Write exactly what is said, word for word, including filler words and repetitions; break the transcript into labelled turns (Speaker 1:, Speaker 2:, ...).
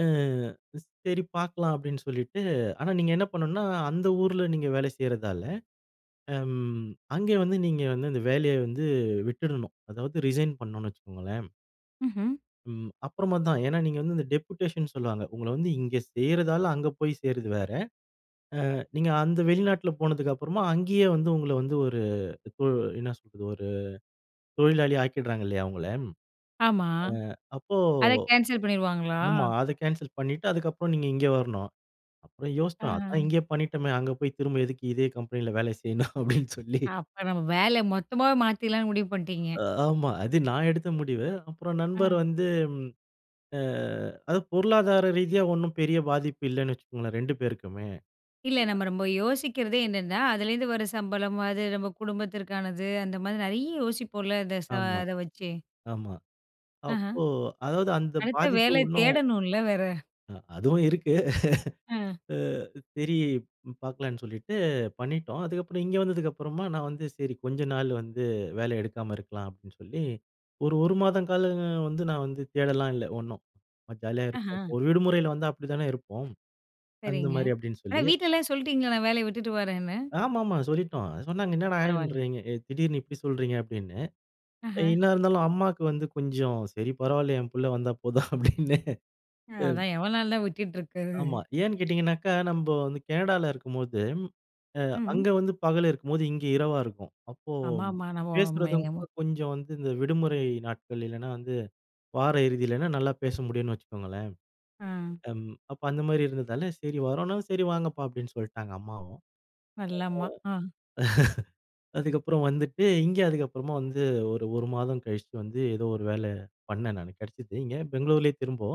Speaker 1: ஆ ஸ் சரி பார்க்கலாம் அப்டின்னு சொல்லிட்டு ஆனா, நீங்க என்ன பண்ணுனா அந்த ஊருல நீங்க வேலை செய்றதால, ஆம். அங்கே வந்து நீங்க வந்து அந்த வேலைய வந்து விட்டுடணும், அதாவது ரிசைன் பண்ணோம்னு வச்சுக்கோங்களேன்.
Speaker 2: ம்ஹ்ம்.
Speaker 1: ம். அப்புறமா தான். ஏனா, நீங்க வந்து இந்த டெப்யூடேஷன்னு சொல்வாங்க. உங்கள வந்து இங்கே சேர்யிரதால அங்க போய் சேர்றது வேற. ஆ நீங்க அந்த வெளிநாட்ல போனதுக்கு அப்புறமா அங்கேயே வந்து உங்கள வந்து ஒரு இப்போ என்ன சொல்றது ஒரு தொழிலாளி ஆக்கிடுறாங்க இல்லையா அவங்கள ம்.
Speaker 2: ஆமா.
Speaker 1: ஆ அப்போ
Speaker 2: அத கேன்சல் பண்ணிடுவாங்களா?
Speaker 1: ஆமா. அத கேன்சல் பண்ணிட்டு அதுக்கு அப்புறம் நீங்க இங்க வரணும். அப்புறம் யோசிச்சோம். அதான்
Speaker 2: ஆஹ.
Speaker 1: இங்கேயே பண்ணிட்டோமே, அங்க போய் திரும்ப எதுக்கு இதே கம்பெனியில வேல செய்யணும் அப்டின் சொல்லி
Speaker 2: அப்ப நம்ம வேல மொத்தமாவே மாத்திக்கலான்னு முடிவு பண்ணிட்டீங்க?
Speaker 1: ஆ, ஆமா, அது நான் எடுத்த முடிவு. அப்புறம் நண்பர்
Speaker 2: ம்.
Speaker 1: வந்து ம். ஆ அது பொருளாதார ரீதியா ஒண்ணும் பெரிய பாதிப்பு இல்லன்னு வச்சுக்கோங்களேன் ரெண்டு பேருக்குமே.
Speaker 2: இல்ல நம்ம ரொம்ப யோசிக்கிறதே என்னன்னா, அதுலேருந்து வர சம்பளம் அது நம்ம குடும்பத்திற்கானது அந்த மாதிரி நெறைய யோசிப்போம்ல அந்த ச
Speaker 1: ஆமா.
Speaker 2: அத வச்சு.
Speaker 1: ஆமா.
Speaker 2: அஹ.
Speaker 1: அப்போ அதாவது அந்த
Speaker 2: அடுத்த
Speaker 1: பாதிப்பு
Speaker 2: வேல
Speaker 1: ஒண்ணும்
Speaker 2: தேடணும்ல வேற.
Speaker 1: அ அதுவும் இருக்கு.
Speaker 2: அ.
Speaker 1: அ சரி பார்க்கலான்னு சொல்லிட்டு பண்ணிட்டோம். அதுக்கப்புறம் இங்க வந்ததுக்கு அப்புறமா நான் வந்து சரி கொஞ்ச நாள் வந்து வேலை எடுக்காம இருக்கலாம் அப்டின்னு சொல்லி ஒரு ஒரு மாதம் காலம் வந்து நான் வந்து தேடலாம் இல்ல ஒண்ணும், ஜாலியா இருப்போம்
Speaker 2: ஆஹா
Speaker 1: ஒரு விடுமுறையில வந்தா அப்டிதானே இருப்போம். அந்த
Speaker 2: சரிங்க.
Speaker 1: மாரி அப்டின்னு
Speaker 2: ஆனா,
Speaker 1: சொல்லி.
Speaker 2: வீட்டுலலாம் சொல்லிட்டீங்களா நான் வேலையை விட்டுட்டு வரேன்னு?
Speaker 1: ஆமா, ஆமா. சொல்லிட்டோம். அது சொன்னாங்க
Speaker 2: பரவால்ல.
Speaker 1: என்னடான்றீங்க. திடீரென்னு இப்டி சொல்றீங்க அப்டின்னு.
Speaker 2: ஆஹ.
Speaker 1: என்ன இருந்தாலும் அம்மாக்கு வந்து கொஞ்சம் சரி பரவாயில்லையே என் பிள்ள வந்தா போதும் அப்டின்னு.
Speaker 2: அ
Speaker 1: அ.
Speaker 2: அதான் எவ்வளோ நாள் தான் விட்டுட்டு இருக்குறது.
Speaker 1: ஆமா. ஏன்னு கேட்டீங்கன்னாகா, நம்ப வந்து கேனடால இருக்கும்போது அ
Speaker 2: ம்ஹ்ம்.
Speaker 1: அங்க வந்து பகல் இருக்கும்போது இங்கே இரவா இருக்கும். அப்போ
Speaker 2: அம்மா ஆமா நம்ம மே
Speaker 1: பேசுறதும் கூட கொஞ்சம் வந்து இந்த விடுமுறை நாட்களில் இல்லன்னா, வந்து வார இறுதியிலனா நல்லா பேச முடியுன் வச்சுக்கோங்களேன்.
Speaker 2: ம்.
Speaker 1: அம் அப்ப அந்த மாரி இருந்ததால சரி வரோன்னா சரி வாங்கப்பா அப்டின்னு சொல்லிட்டாங்க அம்மாவும்.
Speaker 2: நல்ல அம்மா. ஆ.
Speaker 1: அதுக்கப்புறம் வந்துட்டு இங்க அதுக்கப்புறமா வந்து ஒரு ஒரு மாதம் கழிச்சு வந்து ஏதோ ஒரு வேல பண்னேன் நானு கேடைச்சது. இங்கே பெங்களூரிலேயே திரும்போ